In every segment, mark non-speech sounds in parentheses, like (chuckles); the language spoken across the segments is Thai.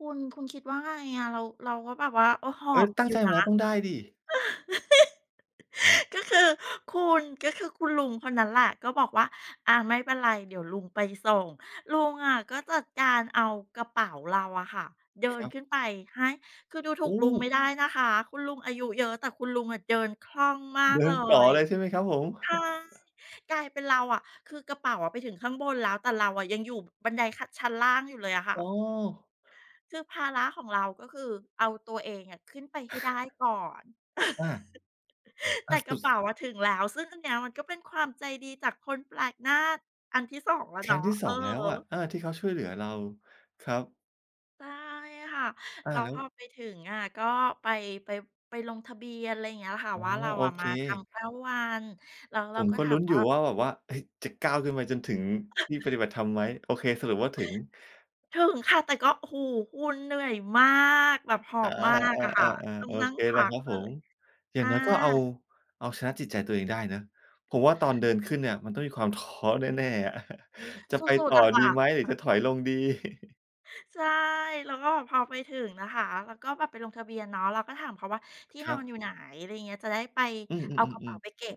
คุณ คุณคิดว่าไงอะ เรา เราก็แบบว่า เออ หเออ๊ย! บ ตั้องยูใ่จมนาะ แล้ว(laughs) ต้องได้สิ ก็คือคุณ ก็คือคุณลุงคนนั้นแหละก็บอกว่า "อา ไม่เป็นไรเดี๋ยวลุงไปส่ง" ลุงอะก็จัดการเอากระเป๋าเราอะค่ะเดิคนรับ ขึ้นไปให้ คือดูถโูอก ลุงไม้! ่ได้นะคะ คุณลุงอายุเยอะแต่คุณลุงอะเดินคล่องมาเดก ิเลนต่อย เลยใช่ไหมครับผม? ใช่ (chuckles) กลายเป็นเราอะ คือกระเป๋าไปถึงข้างบนแล้ว แต่เราอะยังอยู่บันไดขั้น ชั้นล่างอยู่เลยอะค่อ๋ะ อ คือภาระของเราก็คือเอาตัวเองอะขึ้นไปให้ได้ก่อน อา (laughs) อแตา ่ สกรุะเปด ๋าอะถึงแล้ว ซึ่งอันเนี้ยมันก็เป็นความใจดีจากคนแปลกหน้าอันที่ 2 แล้วครเนัา้งะ ที่ สออือง แลฮ้วอะ ึ อา ที่เขาช่วยเหลือเรา ครับ ใช่ค่ะ อา แล้วแล้พอว ไปถึงอะก็ไป ไป ไปลงทะเบียน อะไรอย่างเงี้ยค่ะ อ๋อ ว่า เราโออะเค มาทำ 9 วัน แล้วเผรามก็ก็ถาลุ้มนอวยู่า ่ว่าแบบว่า "เฮ้ย! จะก้าวขึ้นไปจนถึงที่ปฏิบัติธรรมไหม?" โอเค สรุปว่าถึง ถึงค่ะ แต่ก็ โอ้โฮ! คุณ เหนื่อยมาก แบบหออา บมากๆ ออะค่ะ า ตๆ ้อๆ โงอนั่เงคพแหละักครับเผลม ย อยอ่างน้อยก็เอา า เอาชนะจิตใจตัวเองได้เนาะ ผมว่าตอนเดินขึ้นเนี่ยมันต้องมีความท้อแน่ ๆ อะ (chuckles) "จะสไปุตด ่อๆ อะคด่ีะ ไหมหรือจะถอยลงดี?" (chuckles) ใช่ แล้วก็พอไปถึงนะคะ แล้วก็แบบไปลงทะเบียนเนาะ แล้วก็ถามเขาว่า "ที่คนรอันบ อยู่ไหน?" อะไรอย่างเงี้ย "จะได้ไป อืเอากระเป๋าอ ๆ ๆ ๆ ไปเก็บ"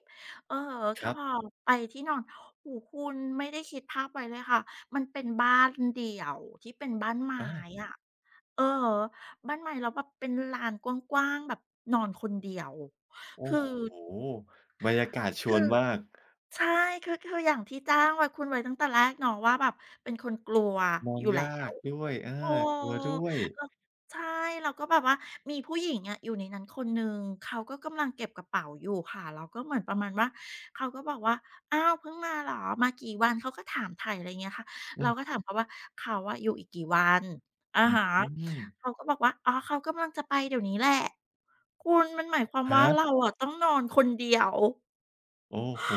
อือฮึ คก็ รัพบ อไปที่นอน โอ้โฮ คุณไม่ได้คิดภาพไว้เลยค่ะ มันเป็นบ้านเดี่ยวที่เป็นบ้านไม้ อา อะ อือฮึ บ้านไม้ แล้วแบบเป็นลานกว้าง ๆ แบบนอนคนเดียว โอ้คือ โฮ! บรรยากาศชควืนอ มาก ใช่ คือ คืออย่างที่แจ้งไว้ คุณไว้ตั้งแต่แรกเนาะ ว่าแบบเป็นคนกลัวนออนยู่ ยแล้าว กด้วย เออ เออ กลัวด้วย แล้ว ใช่ เราก็แบบว่ามีผู้หญิงอะอยู่ในนั้นคนหนึ่ง เขาก็กำลังเก็บกระเป๋าอยู่ค่ะ แล้วก็เหมือนประมาณว่า เขาก็บอกว่า "อ้าว! เพิ่งมาเหรอ? มากี่วัน?" เขาก็ถามไถ่ ไรเงี้ยค่ะ อืเราม ก็ถามเขาว่า "เขาอะอยู่อีกกี่วัน?" อะหฮะ ือ เขาก็บอกว่า "อ๋อ เขากำลังจะไปเดี๋ยวนี้แหละ" คุณ มันหมายความฮว่า ะ? เราอะต้องนอนคนเดียว โอ้โฮ!